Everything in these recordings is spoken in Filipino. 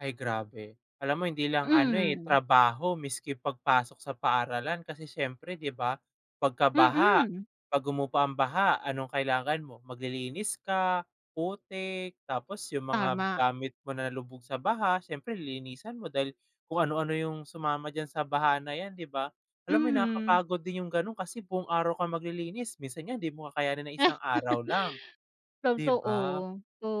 Ay, grabe. Alam mo hindi lang ano, eh, Mhm. trabaho miski pagpasok sa paaralan kasi siyempre di ba? Pagka baha Mhm. pag humupa ang baha anong kailangan mo? Maglilinis ka, putik, tapos yung mga Tama. gamit mo na lubog sa baha sIyempre lilinisan mo dahil kung ano ano yung sumama diyan sa baha na yan di ba? Alam mo 'yon Mhm. nakakapagod din yung gano'n kasi buong-araw kang maglilinis, minsan nga di mo kakayanin ng 1 araw lang di Totoo. ba?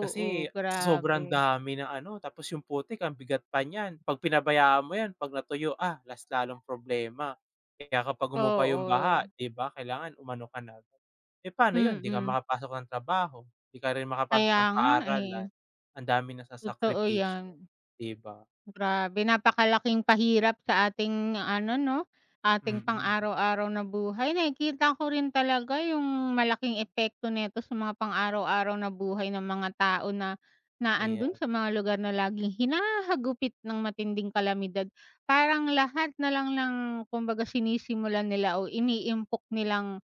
Kasi sa sobrang grabe. dami ng ano tapos yung putik ang bigat pa niyan, pag pinabayaan mo yan pag natuyo, ah, mas lalong problema. Kaya kapag humupa yung baha Oo. di ba kailangan umano ka na, eh, pano 'yon hindi ka Mhm. makapasok ng trabaho, di ka rin makapasok Kaya ng nga, eh. paaralan ang dami Totoo nasasakripisyo, yan. di ba? Grabe napakalaking pahirap sa ating ano 'no? Ating pang Mm. araw-araw na buhay, nakikita ko rin talaga yung malaking epekto nito sa mga pang araw-araw na buhay ng mga tao na na ando'n Ayan. sa mga lugar na laging hinahagupit ng matinding kalamidad. Parang lahat nalang ng kumbaga sinisimulan nila o iniimpok nilang,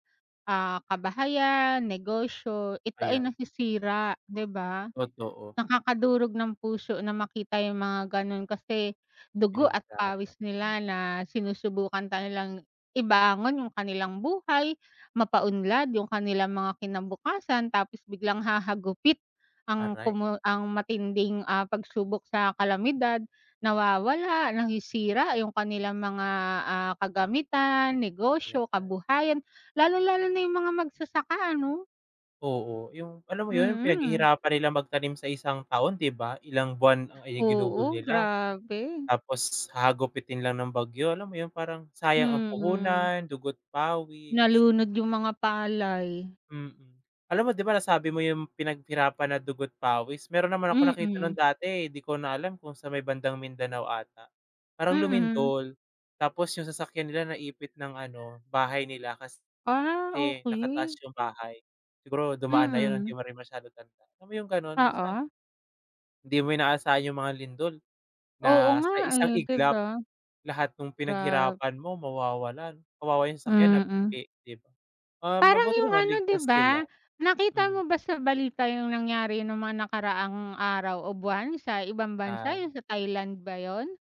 ah, kabahayan, negosyo, ito ay Ayan. nasisira, di ba? Totoo. Nakakadurog ng puso na makita yung mga gano'n kasi dugo at pawis Pinaghirapan. Hmm. nila na sinusubukan nga nilang ibangon yung kanilang buhay, mapa-unlad yung kanilang mga kinabukasan tapos biglang hahagupit ang Aray. pumu ang matinding pagsubok sa kalamidad, nawawala nasisira yung kanilang mga, ah, kagamitan, Kaya negosyo, nga, eh. kabuhayan lalong-lalo na yung mga magsasaka ano? Oo, yung alam mo 'yon? Yung Mhm. pinaghihirapan nila magtanim sa 1 taon di ba? Ilang buwan ang ginugol Oo, nila grabe. tapos hahagupitin lang ng bagyo, alam mo 'yon? Parang sayang ang Mm. puhunan, dugo't pawis. Nalunod yung mga palay. Mm. Alam mo di ba, nasabi mo yung pinaghirapan na dugo't pawis. Mayro'n naman akong nakita nung Mm. dati, eh, di ko na alam kung sa may bandang Mindanao ata? Parang Mhm. lumindol tapos yung sasakyan nila naipit ng ano bahay nila Ah, kasi nakataas okey. yung bahay. Siguro dumaan na 'yon hindi Mhm. mo rin masyadong tanda, alam mo yung gano'n? Minsan Oo. di mo inaasahan yung mga lindol Oo na nga, sa 1 eh, di iglap ba? lahat nung Grabe. pinaghirapan mo mawawala 'no, kawawa yung sasakyan na Mhm. [unintelligible] di ba? Ah, Parang mabuti yung naman ano di ligtas sila. ba? Nakita Mm. mo ba sa balita yung nangyari nung mga nakaraang araw o buwan? Sa ibang bansa Ah. yung sa Thailand ba 'yon?